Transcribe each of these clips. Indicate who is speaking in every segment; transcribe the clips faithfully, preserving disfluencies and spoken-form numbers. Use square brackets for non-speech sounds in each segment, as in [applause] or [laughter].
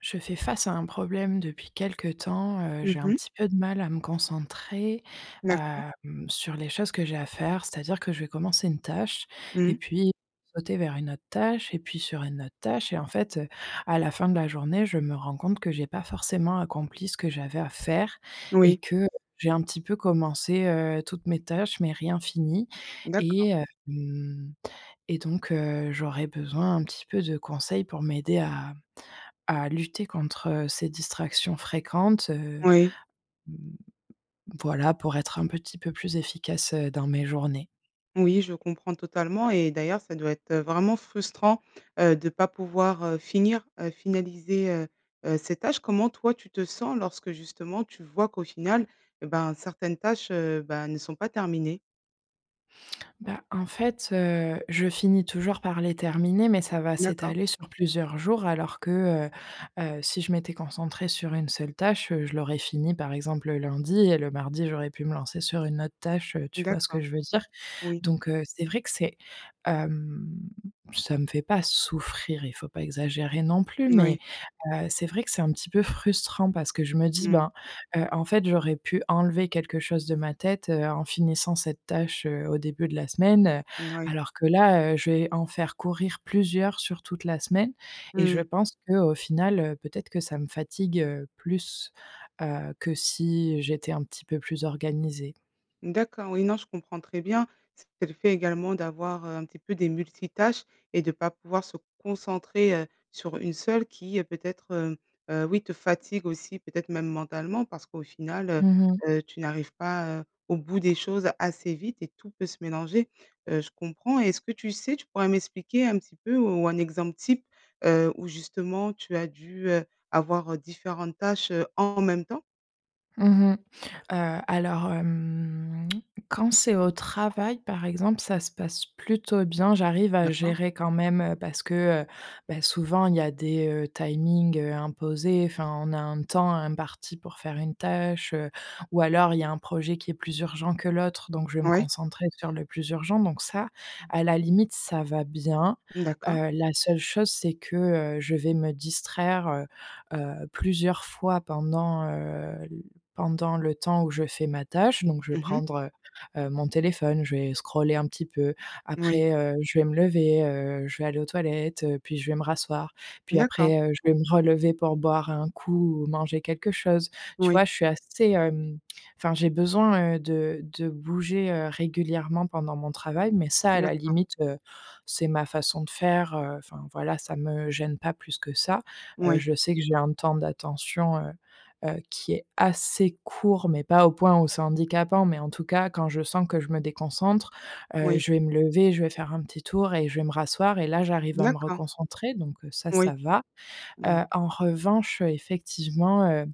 Speaker 1: Je fais face à un problème depuis quelque temps. Heu, j'ai
Speaker 2: Mmh
Speaker 1: un
Speaker 2: mh.
Speaker 1: petit peu de mal à me concentrer,
Speaker 2: D'accord.
Speaker 1: hem, sur les choses que j'ai à faire. C'est-à-dire que je vais commencer une tâche et
Speaker 2: Mmh.
Speaker 1: puis sauter vers une autre tâche, et puis sur une autre tâche, et en fait, heu, à la fin de la journée, je me rends compte que j'ai pas forcément accompli ce que j'avais à faire et
Speaker 2: Oui.
Speaker 1: que j'ai un petit peu commencé, heu, toutes mes tâches, mais rien fini
Speaker 2: D'accord.
Speaker 1: et hem et donc, heu, j'aurais besoin un petit peu de conseils pour m'aider à à lutter contre ces distractions fréquentes, heu,
Speaker 2: Oui.
Speaker 1: mmh, voilà, pour être un petit peu plus efficace, heu, dans mes journées.
Speaker 2: Oui, je comprends totalement et d'ailleurs ça doit être, heu, vraiment frustrant, heu, de pas pouvoir, heu, finir, heu, finaliser, heu, heu, ces tâches. Comment toi tu te sens lorsque, justement, tu vois qu'au final, eh ben, certaines tâches, heu, bah, ne sont pas terminées?
Speaker 1: Bah, en fait, heu, je finis toujours par les terminer, mais ça va
Speaker 2: D'accord.
Speaker 1: s'étaler sur plusieurs jours, alors que, heu, heu, si je m'étais concentrée sur une seule tâche, heu, je l'aurais finie, par exemple, le lundi et le mardi, j'aurais pu me lancer sur une autre tâche, heu, tu vois ce que
Speaker 2: D'accord.
Speaker 1: je veux dire.
Speaker 2: Oui.
Speaker 1: Donc, heu, c'est vrai que c'est hem, ça me fait pas souffrir, il faut pas exagérer non plus,
Speaker 2: Moui.
Speaker 1: mais, heu, c'est vrai que c'est un petit peu frustrant parce que je me dis:
Speaker 2: Mmh.
Speaker 1: «Ben, heu, en fait j'aurais pu enlever quelque chose de ma tête, heu, en finissant cette tâche, heu, au début de la semaine», heu,
Speaker 2: Moui.
Speaker 1: alors que là, heu, je vais en faire courir plusieurs sur toute la semaine et je
Speaker 2: Mmh.
Speaker 1: pense qu'au final, heu, peut-être que ça me fatigue, heu, plus, heu, que si j'étais un petit peu plus organisée.
Speaker 2: D'accord, oui, non, je comprends très bien. C'est le fait également d'avoir, heu, un petit peu des multitâches et de pas pouvoir se concentrer, heu, sur une seule qui, heu, peut-être, heu, heu, oui te fatigue aussi, peut-être même mentalement, parce qu'au final, heu,
Speaker 1: Mmh mh.
Speaker 2: heu, tu n'arrives pas, heu, au bout des choses assez vite et tout peut se mélanger. Heu, je comprends. Et est-ce que tu sais, tu pourrais m'expliquer un petit peu, ou un exemple type, heu, où, justement, tu as dû, heu, avoir, heu, différentes tâches, heu, en même temps?
Speaker 1: Mmh mh. Heu, alors, hem, quand c'est au travail, par exemple, ça se passe plutôt bien, j'arrive à
Speaker 2: D'accord.
Speaker 1: gérer quand même, heu, parce que, heu, bah, souvent il y a des, heu, timings, heu, imposés. Enfin, on a un temps imparti pour faire une tâche, heu, ou alors il y a un projet qui est plus urgent que l'autre, donc je vais me
Speaker 2: Ouais.
Speaker 1: concentrer sur le plus urgent, donc ça, à la limite, ça va bien.
Speaker 2: D'accord.
Speaker 1: Heu, la seule chose, c'est que, heu, je vais me distraire, heu, heu, plusieurs fois pendant, heu, l pendant le temps où je fais ma tâche. Donc je vais
Speaker 2: Mmh mh.
Speaker 1: prendre, heu, heu, mon téléphone, je vais scroller un petit peu,
Speaker 2: Oui.
Speaker 1: après, heu, je vais me lever, heu, je vais aller aux toilettes, heu, puis je vais me rasseoir, puis
Speaker 2: D'accord.
Speaker 1: après, heu, je vais me relever pour boire un coup ou manger quelque chose. Tu
Speaker 2: Oui.
Speaker 1: vois, je suis assez, hem, enfin j'ai besoin, heu, de de bouger, heu, régulièrement pendant mon travail, mais ça, à la
Speaker 2: D'accord.
Speaker 1: limite, heu, c'est ma façon de faire, heu, enfin voilà, ça me gêne pas plus que ça. Heu,
Speaker 2: Oui.
Speaker 1: je sais que j'ai un temps d'attention, heu, heu, qui est assez court, mais pas au point où c'est handicapant mais en tout cas, quand je sens que je me déconcentre, heu,
Speaker 2: Oui.
Speaker 1: je vais me lever, je vais faire un petit tour et je vais me rasseoir et là j'arrive à me
Speaker 2: D'accord.
Speaker 1: reconcentrer, donc, heu, ça,
Speaker 2: Oui,
Speaker 1: ça va. Heu,
Speaker 2: oui.
Speaker 1: en revanche, heu, effectivement, heu,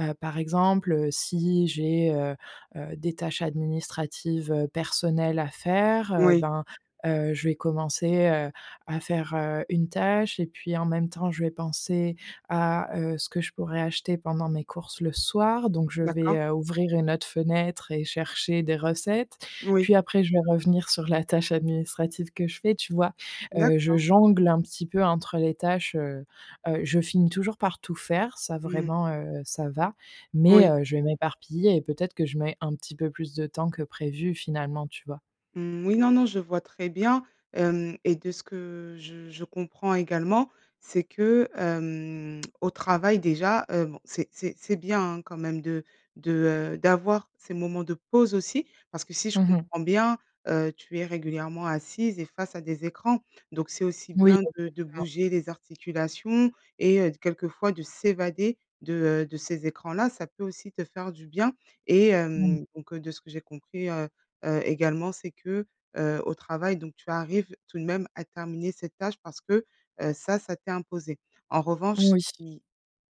Speaker 1: heu, par exemple, heu, si j'ai, heu, heu, des tâches administratives, heu, personnelles à faire, heu,
Speaker 2: Moui.
Speaker 1: ben, heu, je vais commencer, heu, à faire, heu, une tâche et puis en même temps, je vais penser à, heu, ce que je pourrais acheter pendant mes courses le soir. Donc, je vais,
Speaker 2: D'accord.
Speaker 1: heu, ouvrir une autre fenêtre et chercher des recettes.
Speaker 2: Oui.
Speaker 1: Puis après, je vais revenir sur la tâche administrative que je fais, tu vois? Heu, je
Speaker 2: D'accord.
Speaker 1: jongle un petit peu entre les tâches, heu, heu, je finis toujours par tout faire, ça
Speaker 2: Mmh.
Speaker 1: vraiment, heu, ça va, mais,
Speaker 2: Oui.
Speaker 1: heu, je vais m'éparpiller et peut-être que je mets un petit peu plus de temps que prévu, finalement, tu vois?
Speaker 2: Mmh, oui, non, non je vois très bien, hem et de ce que je je comprends également, c'est que, hem, au travail, déjà, heu, bon, c'est c'est c'est bien, hein quand même de de, heu, d'avoir ces moments de pause aussi parce que si je
Speaker 1: Mmh mh.
Speaker 2: comprends bien, heu, tu es régulièrement assise et face à des écrans, donc c'est aussi
Speaker 1: Oui
Speaker 2: bien de de
Speaker 1: exactement.
Speaker 2: bouger les articulations et heu, de quelquefois de s'évader de, heu, de ces écrans-là, ça peut aussi te faire du bien. Et
Speaker 1: Mmh.
Speaker 2: hem, donc, heu, de ce que j'ai compris, heu, heu, également, c'est que, heu, au travail, donc, tu arrives tout de même à terminer cette tâche parce que, heu, ça, ça t'est imposé. En revanche
Speaker 1: Oui.
Speaker 2: oui,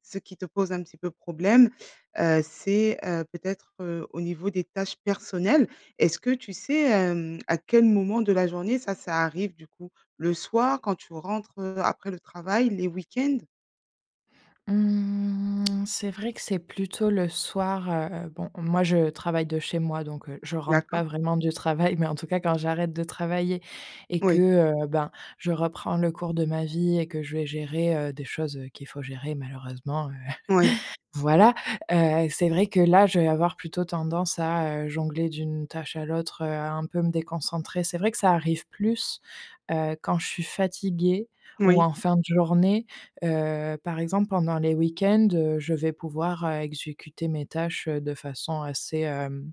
Speaker 2: ce qui te pose un petit peu problème, heu, c'est, heu, peut-être, heu, au niveau des tâches personnelles. Est-ce que tu sais, hem, à quel moment de la journée ça, ça arrive, du coup? Le soir, quand tu rentres, heu, après le travail, les week-ends?
Speaker 1: Mmh. [clicks tongue] C'est vrai que c'est plutôt le soir, heu, bon, moi je travaille de chez moi, donc, heu, je rentre pas
Speaker 2: D'accord.
Speaker 1: vraiment du travail, mais en tout cas quand j'arrête de travailler et que,
Speaker 2: Oui.
Speaker 1: heu, ben, je reprends le cours de ma vie et que je vais gérer, heu, des choses, heu, qu'il faut gérer malheureusement, heu.
Speaker 2: Ouais.
Speaker 1: [chuckles] Voilà, heu, c'est vrai que là je vais avoir plutôt tendance à, heu, jongler d'une tâche à l'autre, heu, un peu me déconcentrer. C'est vrai que ça arrive plus, heu, quand je suis fatiguée ou
Speaker 2: Moui.
Speaker 1: en fin de journée, heu, par exemple pendant les week-ends, heu, je vais pouvoir, heu, exécuter mes tâches, heu, de façon assez, hem,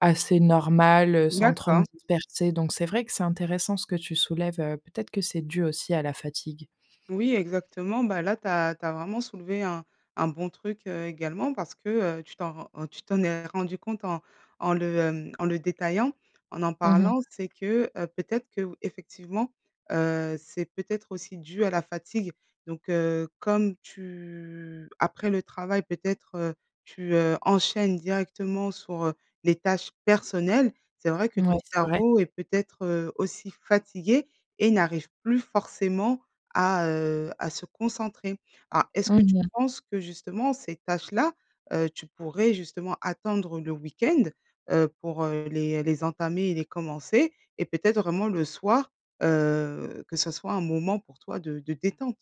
Speaker 1: assez normale, heu, sans trop me
Speaker 2: D'accord.
Speaker 1: disperser donc c'est vrai que c'est intéressant ce que tu soulèves, heu, peut être que c'est dû aussi à la fatigue.
Speaker 2: Oui exactement, ben, là tu as tu as vraiment soulevé un un bon truc, heu, également parce que, heu, tu t'en rends en tu t'en es rendue compte en en le, hem, en le détaillant, en en
Speaker 1: Mmh mh.
Speaker 2: parlant. C'est que, heu, peut-être que ou, effectivement, heu, c'est peut-être aussi dû à la fatigue. Donc, heu, comme tu après le travail peut-être, heu, tu, heu, enchaînes directement sur, heu, les tâches personnelles, c'est vrai que ton
Speaker 1: Mouais, c'est vrai.
Speaker 2: cerveau est peut-être, heu, aussi fatigué et n'arrive plus forcément à, heu, à se concentrer. Ah, est-ce que tu
Speaker 1: Mmh mh.
Speaker 2: penses que justement ces tâches-là, heu, tu pourrais justement attendre le week-end, heu, pour, heu, les les entamer et les commencer et peut-être vraiment le soir, heu, que ça soit un moment pour toi de de détente?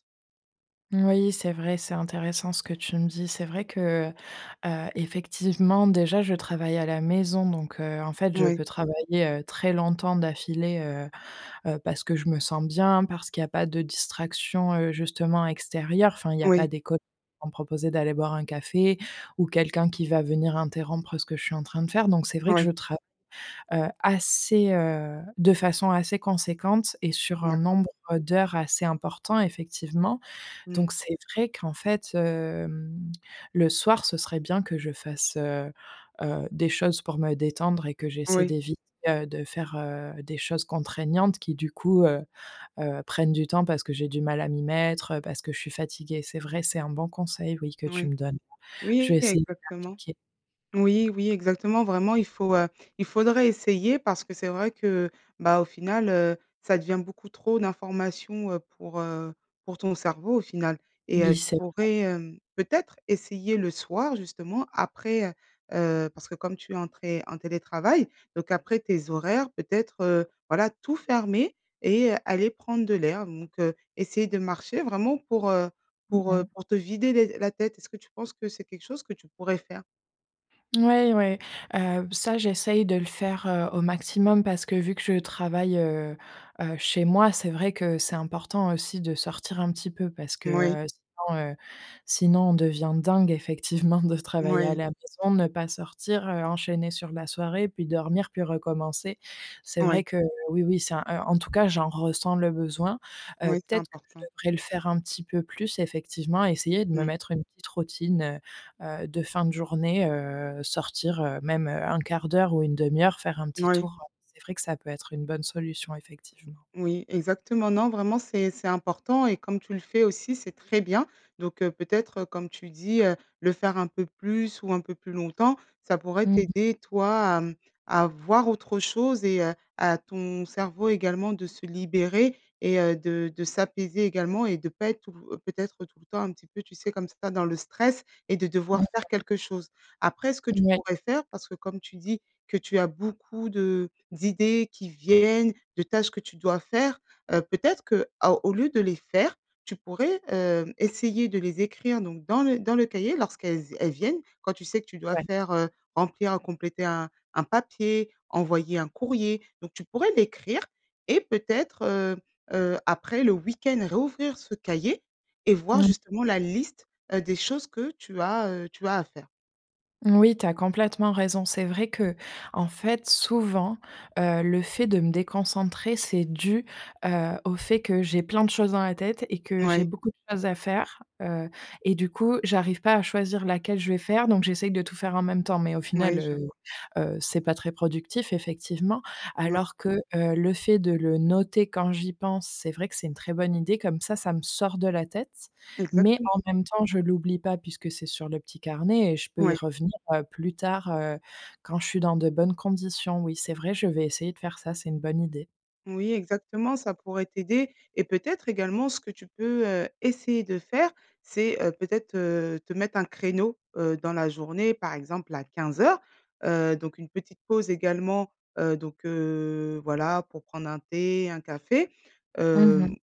Speaker 1: Moui, c'est vrai, c'est intéressant ce que tu me dis. C'est vrai que, heu heu, effectivement déjà je travaille à la maison, donc, heu, en fait je
Speaker 2: Mouais.
Speaker 1: peux travailler, heu, très longtemps d'affilée, heu heu, parce que je me sens bien, parce qu'il y a pas de distraction, heu, justement extérieure. Enfin il y a
Speaker 2: Moui.
Speaker 1: pas des col vont me proposer d'aller boire un café ou quelqu'un qui va venir interrompre ce que je suis en train de faire. Donc c'est vrai que
Speaker 2: Ouais.
Speaker 1: je trav heu, assez, heu, de façon assez conséquente et sur un
Speaker 2: D'accord.
Speaker 1: nombre d'heures assez important effectivement.
Speaker 2: Mmh.
Speaker 1: Donc c'est vrai qu'en fait, hem, le soir ce serait bien que je fasse, heu, heu des choses pour me détendre et que j'essaie
Speaker 2: Oui.
Speaker 1: d'éviter, heu, de faire, heu, des choses contraignantes qui du coup, heu heu, prennent du temps parce que j'ai du mal à m'y mettre, heu, parce que je suis fatiguée. C'est vrai, c'est un bon conseil, oui, que tu
Speaker 2: Ouais.
Speaker 1: me donnes. Je
Speaker 2: Oui
Speaker 1: vais essayer de
Speaker 2: exactement.
Speaker 1: l'appliquer.
Speaker 2: Oui oui, exactement vraiment il faut, heu, il faudrait essayer parce que c'est vrai que, bah, au final, heu, ça devient beaucoup trop d'informations, heu, pour, heu, pour ton cerveau au final et heu,
Speaker 1: Oui
Speaker 2: tu
Speaker 1: c'est vrai
Speaker 2: pourrais, hem, peut-être essayer le soir justement après, heu heu, parce que comme tu es en té en télétravail donc après tes horaires peut-être, heu, voilà tout fermer et aller prendre de l'air donc, heu, essayer de marcher vraiment pour, heu,
Speaker 1: Mmh
Speaker 2: pour, heu,
Speaker 1: mh.
Speaker 2: pour te vider l'es la tête est-ce que tu penses que c'est quelque chose que tu pourrais faire?
Speaker 1: Ouais, ouais, heu b ça, j'essaye de le faire, heu, au maximum parce que vu que je travaille, heu, heu, chez moi, c'est vrai que c'est important aussi de sortir un petit peu parce que,
Speaker 2: Moui.
Speaker 1: heu, sinon, heu, sinon on devient dingue, effectivement, de travailler à
Speaker 2: Moui.
Speaker 1: la maison, ne pas sortir heu, enchaîner sur la soirée puis dormir, puis recommencer. C'est
Speaker 2: Ouais.
Speaker 1: vrai que oui, oui c'est un en tout cas j'en ressens le besoin, heu.
Speaker 2: Oui, c'est
Speaker 1: Peut-être que je
Speaker 2: important.
Speaker 1: devrais le faire un petit peu plus, effectivement, essayer de me
Speaker 2: Mmh.
Speaker 1: mettre une petite routine, heu, heu, de fin de journée, heu, sortir, heu, même un quart d'heure ou une demi-heure faire un petit
Speaker 2: Oui.
Speaker 1: tour, heu, c'est vrai que ça peut être une bonne solution effectivement.
Speaker 2: Oui, exactement. Non, vraiment c'est c'est important et comme tu le fais aussi, c'est très bien. Donc heu, peut-être, comme tu dis, heu, le faire un peu plus ou un peu plus longtemps, ça pourrait
Speaker 1: Mmh mh.
Speaker 2: t'aider toi à mmh, à voir autre chose et heu, à ton cerveau également de se libérer et heu, de de s'apaiser également et de pas être tout peut-être, tout le temps, un peu tu sais, comme ça, dans le stress et de
Speaker 1: Mmh
Speaker 2: devoir faire
Speaker 1: mh.
Speaker 2: quelque chose. Après, ce que tu
Speaker 1: Moui.
Speaker 2: pourrais faire, parce que comme tu dis que tu as beaucoup de d'idées qui viennent, de tâches que tu dois faire, heu, peut-être, que à au lieu de les faire, tu pourrais, hem, essayer de les écrire donc dans le dans le cahier lorsqu'elles elles viennent. Quand tu sais que tu dois
Speaker 1: Ouais.
Speaker 2: faire, heu, remplir ou compléter un un papier, envoyer un courrier donc tu pourrais l'écrire. Et peut-être, heu, heu, après le week-end, réouvrir ce cahier et
Speaker 1: Mmh
Speaker 2: voir
Speaker 1: mh.
Speaker 2: justement la liste, heu, des choses que tu as, heu, tu as à faire.
Speaker 1: Oui, tu as complètement raison. C'est vrai qu'en fait souvent, heu, le fait de me déconcentrer, c'est dû, heu, au fait que j'ai plein de choses dans la tête et que j'ai
Speaker 2: Mouais.
Speaker 1: beaucoup choses à faire. Heu et du coup j'arrive pas à choisir laquelle je vais faire, donc j'essaye de tout faire en même temps. Mais au final,
Speaker 2: Mouais, je
Speaker 1: heu,
Speaker 2: vois.
Speaker 1: heu, c'est pas très productif effectivement
Speaker 2: Mouais.
Speaker 1: alors que, heu, le fait de le noter quand j'y pense c'est vrai que c'est une très bonne idée comme ça ça me sort de la tête. Mais en
Speaker 2: Exactement.
Speaker 1: même temps je l'oublie pas puisque c'est sur le petit carnet et je peux y
Speaker 2: Mouais.
Speaker 1: revenir, heu, plus tard, heu, quand je suis dans de bonnes conditions. Oui c'est vrai je vais essayer de faire ça c'est une bonne idée.
Speaker 2: Oui exactement, ça pourrait t'aider et peut-être également ce que tu peux, heu, essayer de faire c'est, heu, peut-être, heu, te mettre un créneau, heu, dans la journée par exemple à quinze heures. Heu, donc une petite pause également, heu, donc, heu, voilà pour prendre un thé, un café.
Speaker 1: Mmh mh.
Speaker 2: Hem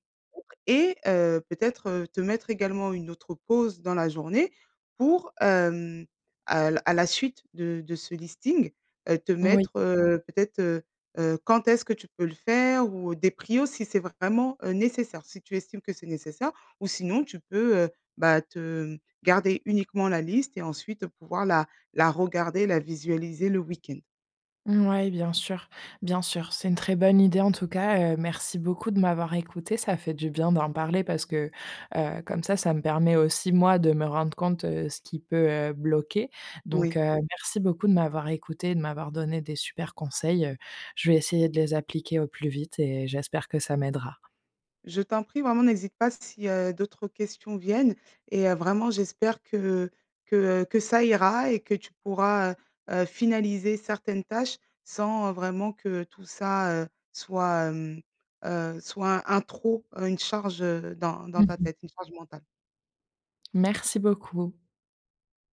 Speaker 2: et, heu, peut-être, heu, te mettre également une autre pause dans la journée pour, hem, à l à la suite de de ce listing, heu, te
Speaker 1: Moui.
Speaker 2: mettre, heu, peut-être, heu, heu, quand est-ce que tu peux le faire ou des prios si c'est vraiment, heu, nécessaire, si tu estimes que c'est nécessaire. Ou sinon tu peux, heu, bah te, mmh, garder uniquement la liste et ensuite pouvoir la la regarder, la visualiser le week-end.
Speaker 1: Mouais bien sûr, bien sûr, c'est une très bonne idée. En tout cas, heu, merci beaucoup de m'avoir écoutée, ça fait du bien d'en parler parce que, heu, comme ça, ça me permet aussi moi de me rendre compte, heu, ce qui peut, heu, bloquer. Donc, heu,
Speaker 2: Oui.
Speaker 1: merci beaucoup de m'avoir écoutée et de m'avoir donné des super conseils, heu, je vais essayer de les appliquer au plus vite et j'espère que ça m'aidera.
Speaker 2: Je t'en prie vraiment n'hésite pas si, heu, d'autres questions viennent et heu, vraiment j'espère que que, heu, que ça ira et que tu pourras, heu, heu, finaliser certaines tâches sans, heu, vraiment que tout ça, heu, soit, hem, heu soit un trop, heu, une charge, heu, dans dans
Speaker 1: Mmh
Speaker 2: ta
Speaker 1: mh.
Speaker 2: tête, une charge mentale.
Speaker 1: Merci beaucoup.